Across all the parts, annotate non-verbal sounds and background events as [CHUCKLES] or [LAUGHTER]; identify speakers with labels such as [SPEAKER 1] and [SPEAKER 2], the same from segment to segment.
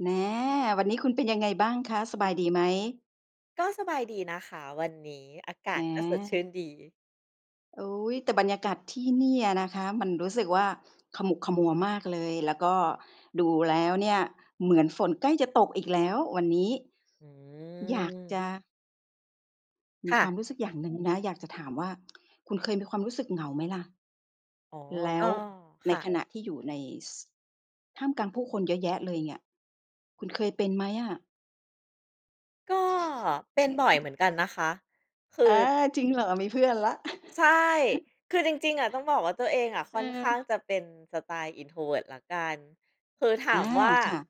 [SPEAKER 1] แหม วันนี้คุณเป็นยังไงบ้างคะ สบายดีไหม?
[SPEAKER 2] ก็สบายดี นะคะวันนี้ อากาศก็สดชื่
[SPEAKER 1] อา
[SPEAKER 2] นดี
[SPEAKER 1] อุ๊ย แต่บรรยากาศที่เนี่ยอะนะคะ มันรู้สึกว่าขมุกขมัวมากเลย แล้วก็ดูแล้วเนี่ยเหมือนฝนใกล้จะตกอีกแล้ววันนี้
[SPEAKER 2] อ
[SPEAKER 1] อยากจ
[SPEAKER 2] ืม
[SPEAKER 1] ะ ม
[SPEAKER 2] ค
[SPEAKER 1] ี
[SPEAKER 2] ่
[SPEAKER 1] ควา
[SPEAKER 2] ะ
[SPEAKER 1] มรู้สึกอย่าง หนึ่งนะ อยากจะถามว่า คุณเคยมีความรู้สึกเหงาไหมล่ะ
[SPEAKER 2] อ๋อ
[SPEAKER 1] แล
[SPEAKER 2] ก
[SPEAKER 1] ้
[SPEAKER 2] ็
[SPEAKER 1] วใ
[SPEAKER 2] ค
[SPEAKER 1] น
[SPEAKER 2] ่
[SPEAKER 1] ข
[SPEAKER 2] ะ
[SPEAKER 1] ณะที่อยู่ใน ซ ท่ามกลางผู้คนเยอะแยะเลยเนี่ย คุณเคยเป็นไหมอะ?
[SPEAKER 2] ก็เป็นบ่อยเห
[SPEAKER 1] [CHUCKLES]
[SPEAKER 2] มือนกันนะคะ คือ
[SPEAKER 1] อา จริงเหรอ? มีเพื่อนแล้ว
[SPEAKER 2] ใช่ คือจริง ๆ อะต้องบอกว่าตัวเอง
[SPEAKER 1] เ
[SPEAKER 2] ค่อนข้าง
[SPEAKER 1] ออ
[SPEAKER 2] จะเป็นสไตล์ Introvert แล้วกัน คือ ถ
[SPEAKER 1] อ
[SPEAKER 2] า
[SPEAKER 1] า
[SPEAKER 2] มว่า
[SPEAKER 1] ค่ะ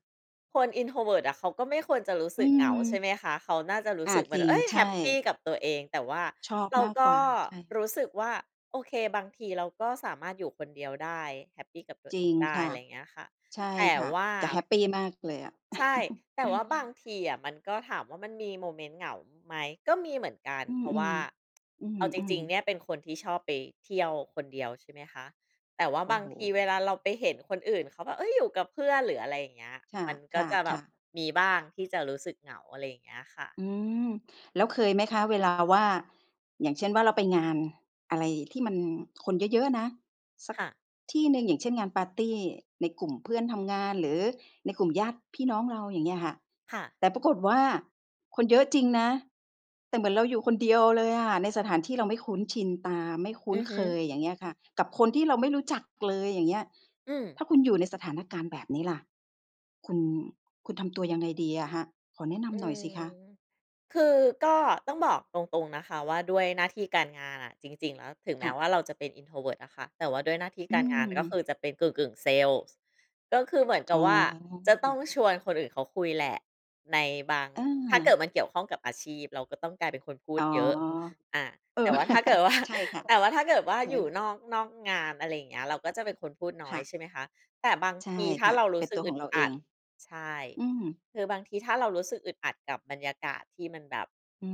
[SPEAKER 2] คน Introvert อะเขาก็ไม่ควรจะรู้
[SPEAKER 1] อ
[SPEAKER 2] ส
[SPEAKER 1] ื
[SPEAKER 2] ึกเหงา ใช่
[SPEAKER 1] ม
[SPEAKER 2] ไหมคะ เขาน่าจะรู้
[SPEAKER 1] อ
[SPEAKER 2] ส
[SPEAKER 1] า
[SPEAKER 2] ึกแบ
[SPEAKER 1] จ
[SPEAKER 2] บ
[SPEAKER 1] ริ
[SPEAKER 2] เ
[SPEAKER 1] ง
[SPEAKER 2] ฮ้ย!
[SPEAKER 1] ใช
[SPEAKER 2] แฮ
[SPEAKER 1] ่
[SPEAKER 2] ปปีกับตัวเอง แต่ว่า
[SPEAKER 1] ชอบ
[SPEAKER 2] เรา
[SPEAKER 1] มาก
[SPEAKER 2] ก
[SPEAKER 1] กว่า ใช่
[SPEAKER 2] รู้สึกว่า โอเค บางทีเราก็สามารถอยู่คนเดียวได้ แฮปปีกับตัว
[SPEAKER 1] จ
[SPEAKER 2] เอ
[SPEAKER 1] ริ
[SPEAKER 2] ง
[SPEAKER 1] ง
[SPEAKER 2] ได้
[SPEAKER 1] ค่
[SPEAKER 2] อ
[SPEAKER 1] ะ
[SPEAKER 2] ะไรอย่างเงี้ยค่ะ
[SPEAKER 1] ใช่
[SPEAKER 2] แต่
[SPEAKER 1] ค่ะ
[SPEAKER 2] ว่า
[SPEAKER 1] จะแฮปปีมากเลยอะ
[SPEAKER 2] ใช่
[SPEAKER 1] [CHUCKLES]
[SPEAKER 2] แต
[SPEAKER 1] เ
[SPEAKER 2] ่
[SPEAKER 1] ออ
[SPEAKER 2] ว่าบางทีอะ มันก็ถามว่ามันมีโมเมนต์เหงาไหม ก็มีเหมือนกัน
[SPEAKER 1] อื
[SPEAKER 2] เ
[SPEAKER 1] อ
[SPEAKER 2] พราะว่า
[SPEAKER 1] ๆ อื
[SPEAKER 2] เอาจ
[SPEAKER 1] อ
[SPEAKER 2] ริง ๆ เ
[SPEAKER 1] ๆ
[SPEAKER 2] นี่ยเป็นคนที่ชอบไปเที่ยวคนเดียว ใช่ไหมคะ แต่ว่า
[SPEAKER 1] โอ
[SPEAKER 2] บ
[SPEAKER 1] ้
[SPEAKER 2] า
[SPEAKER 1] โ
[SPEAKER 2] ง
[SPEAKER 1] ฮ
[SPEAKER 2] ทีเวลาเราไปเห็นคนอื่นเขาแบบ เฮ้ย! อยู่กับเพื่อน หรืออะไรอย่างเงี้ย
[SPEAKER 1] ค่ะ
[SPEAKER 2] มันก
[SPEAKER 1] ค
[SPEAKER 2] ็
[SPEAKER 1] ่ะ
[SPEAKER 2] จะแบ
[SPEAKER 1] ค่
[SPEAKER 2] บ
[SPEAKER 1] ะ
[SPEAKER 2] มีบ้างที่จะรู้สึกเหงา อะไรอย่างเงี้ยค่ะ
[SPEAKER 1] อืม แล้วเคยไหมคะเวลาว่า อย่างเช่นว่าเราไปงานอะไรที่มันคนเยอะ ๆ นะ สัก
[SPEAKER 2] ค่ะ
[SPEAKER 1] ที่หนึ่ง อย่างเช่น งานปาร์ตีในกลุ่มเพื่อนทำงาน หรือในกลุ่มญาติพี่น้องเรา อย่างเงี้ยค่ะ
[SPEAKER 2] ค่ะ
[SPEAKER 1] แต่ปรากฏว่าคนเยอะจริงนะ แต่เหมือนเราอยู่คนเดียวเลยอะ ในสถานที่เราไม่คุ้นชินตา ไม่คุ้
[SPEAKER 2] อ
[SPEAKER 1] น
[SPEAKER 2] ือฮ
[SPEAKER 1] เค
[SPEAKER 2] ึ
[SPEAKER 1] ย อย่างเงี้ยค่ะ กับคนที่เราไม่รู้จักเลย อย่างเงี้ย
[SPEAKER 2] อืม
[SPEAKER 1] ถ้าคุณอยู่ในสถานการณ์แบบนี้ล่ะ คุณ คุณทำตัวยังไงดีอะคะ? ขอแนะน
[SPEAKER 2] อื
[SPEAKER 1] ำหน่อยสิ
[SPEAKER 2] ม
[SPEAKER 1] คะ
[SPEAKER 2] คือก็ต้องบอกตรง ๆ นะคะ ว่าด้วยหน้าที่การงานอะ จริง ๆ แล้ว ถึงแ
[SPEAKER 1] ค
[SPEAKER 2] ม้
[SPEAKER 1] ่ะ
[SPEAKER 2] ว่าเราจะเป็น Introvert อะคะ แต่ว่าด้วยหน้าที่
[SPEAKER 1] อื
[SPEAKER 2] การงาน ก็ค
[SPEAKER 1] ม
[SPEAKER 2] ือจะเป็นกึ่ง ๆ เซลส์ ก็คือเหมือนก
[SPEAKER 1] อ
[SPEAKER 2] ั
[SPEAKER 1] ๋
[SPEAKER 2] บ
[SPEAKER 1] อ
[SPEAKER 2] ว่าจะต้องชวนคนอื่นเขาคุยแหละ ในบาง
[SPEAKER 1] อ
[SPEAKER 2] ถ้าเกิ
[SPEAKER 1] า
[SPEAKER 2] ดมันเกี่ยวข้องกับอาชีพ เราก็ต้องกลายเป็นคนพู
[SPEAKER 1] อ
[SPEAKER 2] ด
[SPEAKER 1] ๋อ
[SPEAKER 2] เยอะ อา
[SPEAKER 1] เออ
[SPEAKER 2] แต่ว่าถ้าเกิด ว่า
[SPEAKER 1] [CHUCKLES] ใช่ค่ะ
[SPEAKER 2] แต่ว่าถ้าเกิดว่า
[SPEAKER 1] ใช่
[SPEAKER 2] อยู่
[SPEAKER 1] ค่ะ
[SPEAKER 2] นอก นอกงาน อะไรอย่างเงี้ย เราก็จะเป็นคนพูดน้
[SPEAKER 1] ค
[SPEAKER 2] อ
[SPEAKER 1] ่
[SPEAKER 2] ย
[SPEAKER 1] ะ
[SPEAKER 2] ใช่ไหมคะ แต่บาง
[SPEAKER 1] ใช่
[SPEAKER 2] ทีถ้
[SPEAKER 1] ค
[SPEAKER 2] า
[SPEAKER 1] ่ะ
[SPEAKER 2] เราร
[SPEAKER 1] เป
[SPEAKER 2] ู้
[SPEAKER 1] ็น
[SPEAKER 2] สึ
[SPEAKER 1] ต
[SPEAKER 2] ก
[SPEAKER 1] ัว
[SPEAKER 2] อ
[SPEAKER 1] ข
[SPEAKER 2] ึ
[SPEAKER 1] อ
[SPEAKER 2] ด
[SPEAKER 1] งเรา
[SPEAKER 2] อ
[SPEAKER 1] เอ
[SPEAKER 2] ัด
[SPEAKER 1] ง
[SPEAKER 2] ใช่
[SPEAKER 1] อืม
[SPEAKER 2] คือบางทีถ้าเรารู้สึกอึดอัดกับบรรยากาศที่มันแบบ
[SPEAKER 1] อื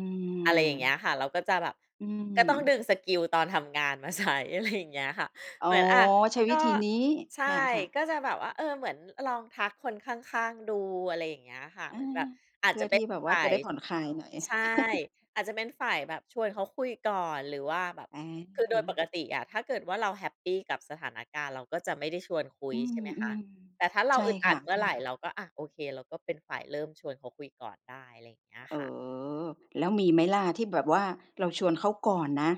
[SPEAKER 2] อะไรอย่างเงี้
[SPEAKER 1] ม
[SPEAKER 2] ยค่ะ เราก็จะแบบ
[SPEAKER 1] อื
[SPEAKER 2] ก็ต้อง
[SPEAKER 1] ม
[SPEAKER 2] ดึงสกิลตอนทำงานมา ใช้ อะไร อย่างเงี้ยค่ะ
[SPEAKER 1] อ๋
[SPEAKER 2] เ
[SPEAKER 1] อ
[SPEAKER 2] หมือน อา
[SPEAKER 1] ใช้ว
[SPEAKER 2] ก
[SPEAKER 1] ิ
[SPEAKER 2] ็
[SPEAKER 1] ธีนี้
[SPEAKER 2] ใช่
[SPEAKER 1] ค่ะ
[SPEAKER 2] ก็จะแบบว่า
[SPEAKER 1] ๆ
[SPEAKER 2] เออ เหมือนลองทักคนข้าง ๆ ดู อะไรอย่างเงี้ยค่ะ
[SPEAKER 1] อ
[SPEAKER 2] เหม
[SPEAKER 1] า
[SPEAKER 2] ือนแบบ อา
[SPEAKER 1] เพ
[SPEAKER 2] จ
[SPEAKER 1] ื
[SPEAKER 2] จ
[SPEAKER 1] ่
[SPEAKER 2] ะ
[SPEAKER 1] อ
[SPEAKER 2] เป
[SPEAKER 1] ท
[SPEAKER 2] ็น
[SPEAKER 1] ี่แบบว
[SPEAKER 2] ฝ
[SPEAKER 1] ่า
[SPEAKER 2] ่า
[SPEAKER 1] จะ
[SPEAKER 2] ย
[SPEAKER 1] ได้ผ่อนคลายหน่อย
[SPEAKER 2] ใช่
[SPEAKER 1] [CHUCKLES]
[SPEAKER 2] อาจจะเป็นฝ่ายแบบชวนเขาคุยก่อนหรือว่าแบบ
[SPEAKER 1] อ
[SPEAKER 2] คือโดยป
[SPEAKER 1] า
[SPEAKER 2] กติอะถ้าเกิดว่าเราแฮปปีกับสถานการณ์ เราก็จะไม่ได้ชวนคุ
[SPEAKER 1] อ
[SPEAKER 2] ย
[SPEAKER 1] ื
[SPEAKER 2] ใช่ไหมคะ
[SPEAKER 1] ม
[SPEAKER 2] แต่ถ้าเร
[SPEAKER 1] ๆ ใ
[SPEAKER 2] า
[SPEAKER 1] ช่
[SPEAKER 2] อึดอ
[SPEAKER 1] ค
[SPEAKER 2] ั
[SPEAKER 1] ่
[SPEAKER 2] ดเมื่อไร
[SPEAKER 1] ะ ๆ
[SPEAKER 2] เราก็ อา โอเค เราก็เป็นฝ่ายเริ่มชวนเขาคุยก่อนได้ อะไรอย่างเงี้ย
[SPEAKER 1] เอ
[SPEAKER 2] ค่ะ
[SPEAKER 1] อ แล้วมีไหมล่ะที่แบบว่าเราชวนเขาก่อนนะ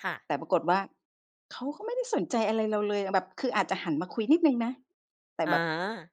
[SPEAKER 2] ค่ะ
[SPEAKER 1] แต่ปรากฏว่าเขาก็ไม่ได้สนใจอะไรเราเลยอะ แบบคืออาจจะหันมาคุยนิดหนึ่งนะ แต่
[SPEAKER 2] อ
[SPEAKER 1] แบบ
[SPEAKER 2] า